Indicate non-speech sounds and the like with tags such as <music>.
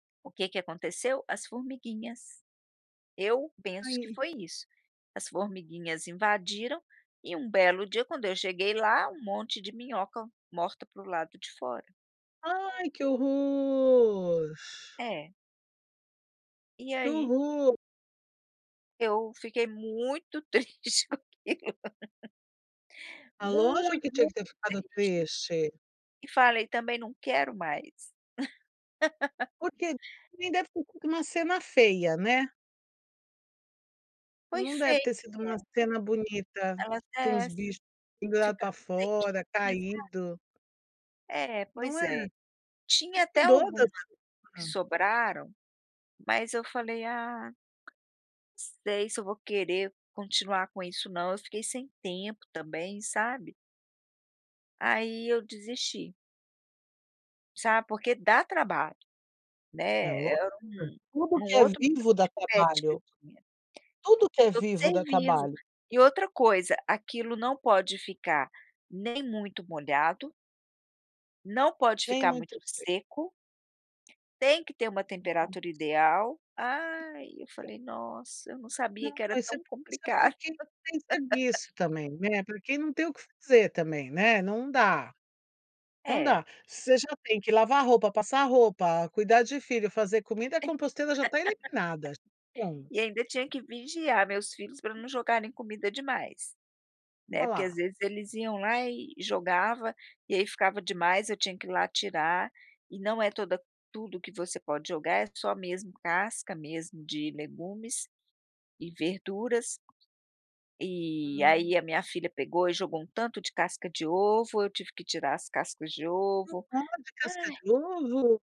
O que que aconteceu? As formiguinhas. Eu penso que Aí. foi isso, as formiguinhas invadiram e um belo dia, quando eu cheguei lá, um monte de minhoca morta para o lado de fora. Ai, que horror. É. E Que aí horror. eu fiquei muito triste com aquilo. Ah, lógico Muito que tinha mu que ter ficado tris triste. E falei também: "Não quero mais". <laughs> Porque nem deve ter co uma cena feia, né. Foi Não deve fei ter sido uma né. cena bonita, Ela com até uns ess bicho pendurado pra ficaram fora, sequinhas lá. caindo. É, Não pois é? é. Você Tinha até cuido alguma da que <unintelligible> sobraram, mas eu falei: "Ah, sei se eu vou querer continuar com isso não", eu fiquei sem tempo também, sabe. Aí eu desisti. Sabe, porque dá trabalho, É né, lógico, é um tudo um que é outro <unintelligible> vivo dá de pet que eu trabalho. tinha, Tudo que é <unintelligible> vivo ser dá vivo. trabalho. E outra coisa, aquilo não pode ficar nem muito molhado não pode Vem ficar muito muito seco, tem que ter uma temperatura <unintelligible> ideal. Ai, eu <unintelligible> falei: "Nossa, eu não sabia Não, que era isso tão isso é complicado". porque tem que serviço também, né, porque não tem o que fazer também, né, não dá. Não É. dá. Você já tem que lavar roupa, passar roupa, cuidar de filho, fazer comida, a composteira já está eliminada, <laughs> bom. E ainda tinha que vigiar meus filhos pra não jogarem comida demais, Ó né, porque às lá. vezes eles iam lá e e jogava, e aí ficava demais, eu tinha que ir lá tirar, e não é toda tudo que você pode jogar, é só mesmo casca, mesmo, de legumes e verduras. E Hum. aí a minha filha pegou e jogou um tanto de casca de ovo, eu tive que tirar as cascas de Não ovo. pode casca Ai. de ovo?